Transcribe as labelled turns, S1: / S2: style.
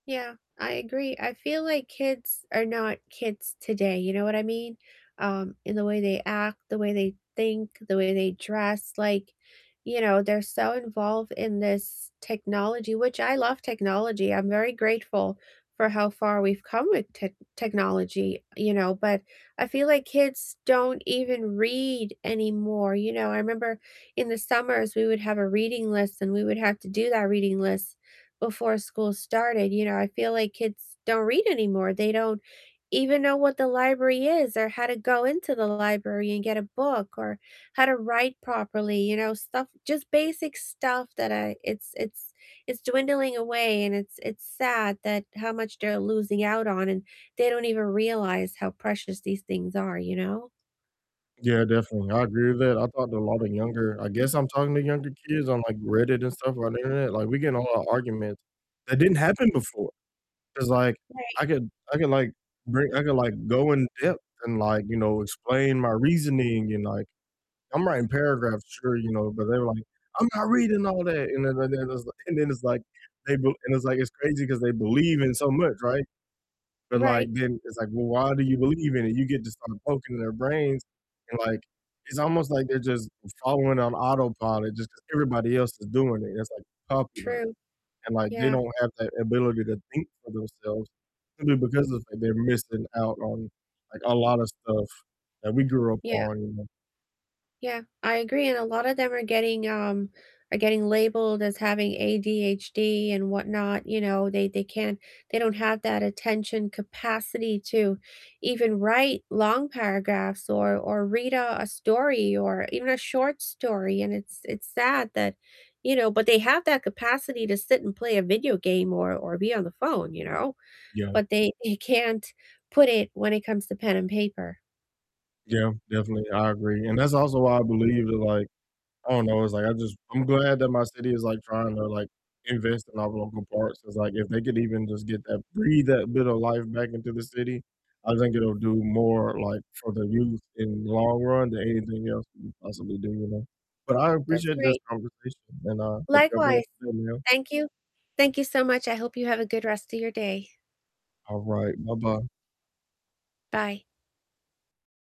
S1: Yeah, I agree I feel like kids are not kids today, you know what I mean, um, in the way they act, the way they think, the way they dress, like, you know, they're so, involved in this technology which I love technology, I'm very grateful for how far we've come with tech technology, you know, but I feel like kids don't even read anymore, you know, I remember in the summers we would have a reading list, and we would have to do that reading list before school started, you know, I feel like kids don't read anymore, they don't even know what the library is or how to go into the library and get a book or how to write properly, you know, stuff just basic stuff that I it's it's it's dwindling away, and it's it's sad that how much they're losing out on, and they don't even realize how precious these things are, you know?
S2: Yeah, definitely I agree with that, I talk to a lot of younger I guess I'm talking to younger kids on, like, Reddit and stuff on the internet, like, we get in a lot of arguments that didn't happen before, 'cause like
S1: Right.
S2: I could I could, like, bring I could, like, go in depth and like, you know, explain my reasoning and, like, I'm writing paragraphs sure, you know, but they're like, "I'm not reading all that," and then then it's, like and then it's like they b and it's, like, it's crazy 'cause they believe in so much, right, but, like,
S1: Right.
S2: then it's like, "Well, why do you believe in it?" You get to start poking their brains and, like, it's almost like they're just following on autopilot just 'cause everybody else is doing it's, like, popular
S1: True,
S2: and, like, they
S1: yeah.
S2: don't have that ability to think for themselves simply because of the fact they're missing out on, like, a lotta stuff that we grew up
S1: Yeah.
S2: on, you know?
S1: Yeah, I agree, and a lotta them are getting, um, are getting labeled as having ADHD and whatnot, you know, they they can't they don't have that attention capacity to even write long paragraphs or or read a a story or even a short story, and it's it's sad that you know, but they have that capacity to sit and play a video game or or be on the phone, you know,
S2: Yeah.
S1: but they they can't put it when it comes to pen and paper.
S2: Yeah, definitely, I agree, and that's also why I believe that, like, I don't know, it's, like, I just I'm glad that my city is, like, tryna, to like, invest in our local parks, it's, like, if they could even just get that breathe that bit of life back into the city, I think it'll do more, like, for the youth in the long run than anything else we could possibly do, you know? But I
S1: That's
S2: appreciate this
S1: great.
S2: conversation, and I hope you have a wonderful
S1: Likewise,
S2: day, man.
S1: thank you thank you so much, I hope you have a good rest of your day.
S2: All right, bye-bye.
S1: Bye.